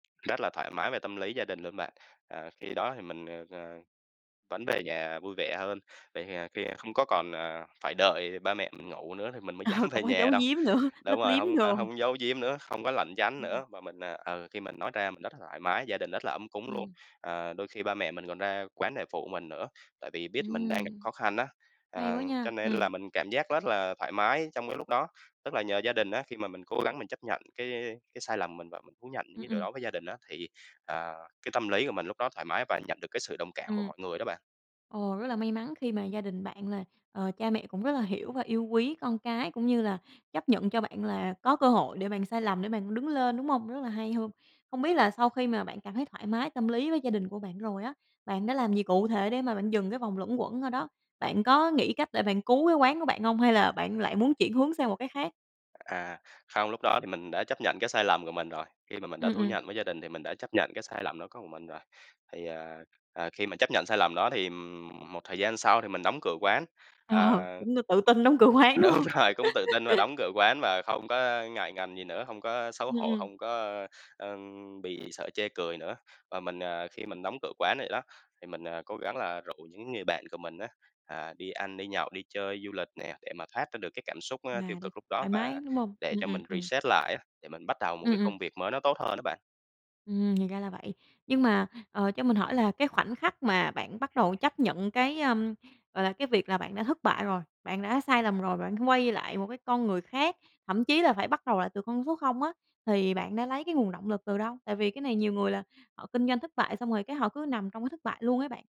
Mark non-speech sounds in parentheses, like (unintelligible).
Rất là thoải mái về tâm lý gia đình luôn bạn. Ờ, khi đó thì mình, ờ, ờ, vẫn về nhà vui vẻ hơn, về hì khi không có còn, ờ, phải đợi ba mẹ mình ngủ nữa thì mình mới Ờ, dám không về có nhà dấu đâu. diếm nữa, lấp Đúng rồi, liếm hông có đồ. hông giấu diếm nữa, hông có lãng tránh (unintelligible) nữa, mà mình, ờ, ừ, khi mình nói ra mình rất là thoải mái, gia đình rất là ấm cúng luôn. Ừm. Ờ, đôi khi ba mẹ mình còn ra quán đề phụ mình nữa, tại vì biết mình đang gặp Ừm. khó khăn á, Hay à, quá nha. cho nên Ừm. là mình cảm giác rất là thoải mái trong cái lúc đó. Tức là nhờ gia đình á, khi mà mình cố gắng mình chấp nhận cái cái sai lầm mình và mình thú nhận những Ừm, cái điều ừm. đó với gia đình á, thì, à, cái tâm lý của mình lúc đó thoải mái và nhận được cái sự đồng cảm của Ừm. mọi người đó bạn. Ồ, rất là may mắn khi mà gia đình bạn là, ờ, cha mẹ cũng rất là hiểu và yêu quý con cái, cũng như là chấp nhận cho bạn là có cơ hội để bạn sai lầm để bạn đứng lên, đúng hông? Rất là hay hưm. Không biết là sau khi mà bạn cảm thấy thoải mái tâm lý với gia đình của bạn rồi á, bạn đã làm gì cụ thể để mà bạn dừng cái vòng luẩn quẩn ở đó? Bạn có nghĩ cách để bạn cứu cái quán của bạn hông, hay là bạn lại muốn chuyển hướng sang một cái khác? À, không, lúc đó thì mình đã chấp nhận cái sai lầm của mình rồi, khi mà mình đã Ừm, thú ừm. nhận với gia đình thì mình đã chấp nhận cái sai lầm đó có mình rồi. Thì, ờ, ờ, khi mà chấp nhận sai lầm đó thì, ừm, một thời gian sau thì mình đóng cửa quán, ờ. Ờ, cũng tự tin đóng cửa quán, đúng Đúng hông? rồi, cũng tự tin mà (laughs) đóng cửa quán và không có ngại ngần gì nữa, hông có xấu Ừm, hổ, ừm. hông có, ơ, ơ, bị sợ chê cười nữa. Và mình, ờ, khi mình đóng cửa quán vậy đó, thì mình, à, cố gắng là rủ những người bạn của mình á, à, đi ăn đi nhậu, đi chơi du lịch nè, để mà thoát ra được cái cảm xúc, a, tiêu Mà đây, cực lúc đó, thoải và mái, đúng hông? để Ừm, cho ừm, mình ừm. reset lại á, để mình bắt đầu một Ừm, cái ừm. công việc mới nó tốt hơn á bạn. Ừm, thì ra là vậy. Nhưng mà, ờ, cho mình hỏi là cái khoảnh khắc mà bạn bắt đầu chấp nhận cái, ơm, gọi là, cái việc là bạn đã thất bại rồi, bạn đã sai lầm rồi, và bạn quay lại một cái con người khác, thậm chí là phải bắt đầu lại từ con số 0 á, thì bạn đã lấy cái nguồn động lực từ đâu? Tại vì cái này nhiều người là họ kinh doanh thất bại, xong rồi cái họ cứ nằm trong cái thất bại luôn ấy bạn.